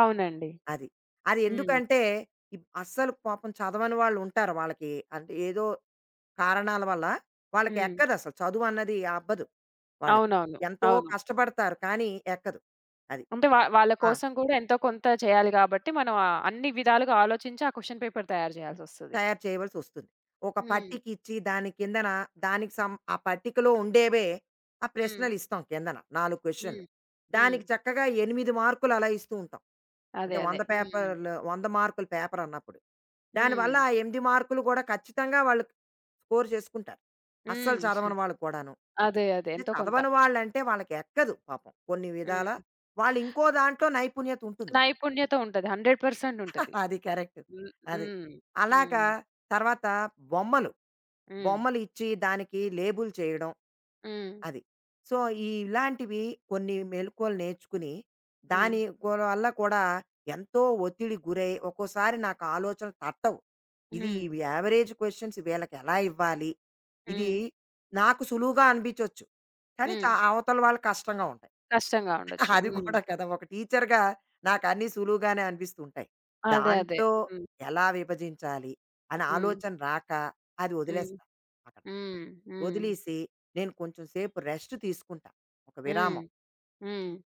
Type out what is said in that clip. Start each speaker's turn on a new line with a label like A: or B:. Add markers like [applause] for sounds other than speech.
A: అవునండి.
B: అది.
A: హ్మ్.
B: అదెందుకంటే, ఇప్ అస్సలు పాపం చదవని వాళ్ళుంటారు. వాళ్ళకి అంటే ఏదో కారణాల వల్ల, వాళ్ళకి
A: హ్మ్.
B: ఎక్కదసలు చదువన్నది అబ్బదు వాళ్ళకి.
A: అవునవును.
B: ఎంతో
A: అవును.
B: కష్టపడతారు కానీ, ఎక్కదు అది.
A: అంటే వ వాళ్ళ
B: ఆ!
A: కోసం కూడా ఎంతో కొంత చేయాలి కాబట్టి, మనం ఆహ్, అన్ని విధాలుగా ఆలోచించి ఆ క్వశ్చన్ పేపర్ తయారు జేయాల్సొస్తది.
B: తయారు చేయవలసి వస్తుంది. ఒక
A: హ్మ్.
B: పట్టికిచ్చి దాని కిందన దానికి సమ్ ఆ పట్టికలో ఉండేవే, ఆ
A: హ్మ్.
B: ప్రశ్నలిస్తాం కిందన 4 క్వశ్చన్‌లు.
A: హ్మ్.
B: దానికి
A: హ్మ్.
B: చక్కగా 8 మార్క్‌లు అలా ఇస్తూ ఉంటాం.
A: అదే
B: అంటే
A: అదే.
B: 100
A: హ్మ్.
B: పేపర్‌లు, 100 మార్కుల పేపరన్నప్పుడు. దానివల్ల
A: హ్మ్.
B: ఆ 8 మార్క్‌లు కూడా, ఖచ్చితంగా వాళ్ళు స్కోర్ చేసుకుంటారు. అస్సలు
A: హ్మ్. [chuckles]
B: చదవని వాళ్ళు కూడాను.
A: అదే అదే.
B: అంటే
A: ఎంతో కొంత.
B: చదవని వాళ్ళంటే, వాళ్ళకి ఎక్కదు పాపం కొన్ని విధాల
A: హ్మ్.
B: వాళ్ళు ఇంకో దాంట్లో నైపుణ్యతుంటుంది వాళ్ళకి.
A: నైపుణ్యత ఉంటది. 100%
B: [chuckles]
A: ఉంటది.
B: అది కరెక్ట్.
A: హ్మ్.
B: అది.
A: హ్మ్.
B: అలాగా,
A: హ్మ్.
B: తరువాత బొమ్మలు
A: హ్మ్.
B: బొమ్మలిచ్చి దానికి లేబుల్ చేయడం.
A: హ్మ్.
B: అది. సో, ఈ ఇలాంటివి కొన్ని మెళకువలు నేర్చుకుని,
A: హ్మ్.
B: దాని కూడా వల్ల కూడా ఎంతో ఒత్తిడికి గురై, ఒక్కోసారి నాకు ఆలోచనలు తట్టవు. ఇది
A: హ్మ్.
B: ఇవి యావరేజ్ క్వశ్చన్స్ వీళ్ళకి ఎలా ఇవ్వాలి? ఇది
A: హ్మ్.
B: నాకు సులువుగా అనిబించొచ్చు. కానీ చ
A: హ్మ్.
B: అవతల వాళ్ళకి కష్టంగా ఉంటాయి.
A: కష్టంగా ఉండొచ్చు.
B: అది
A: హ్మ్.
B: కూడా కదా! ఒక టీచర్‌గా నాకు అన్నీ సులువుగానే అనిపిస్తూ ఉంటాయి.
A: అదే, అదే.
B: దాంట్లో
A: హ్మ్.
B: ఎలా విభజించాలి, అనే
A: హ్మ్.
B: ఆలోచన రాక అది
A: హ్మ్.
B: వదిలేస్తాను అక్కడ.
A: హ్మ్. హ్మ్.
B: వదిలీసి నేను కొంచెం సేపు రెస్ట్ తీసుకుంటా ఒక
A: హ్మ్.
B: విరామం.
A: హ్మ్.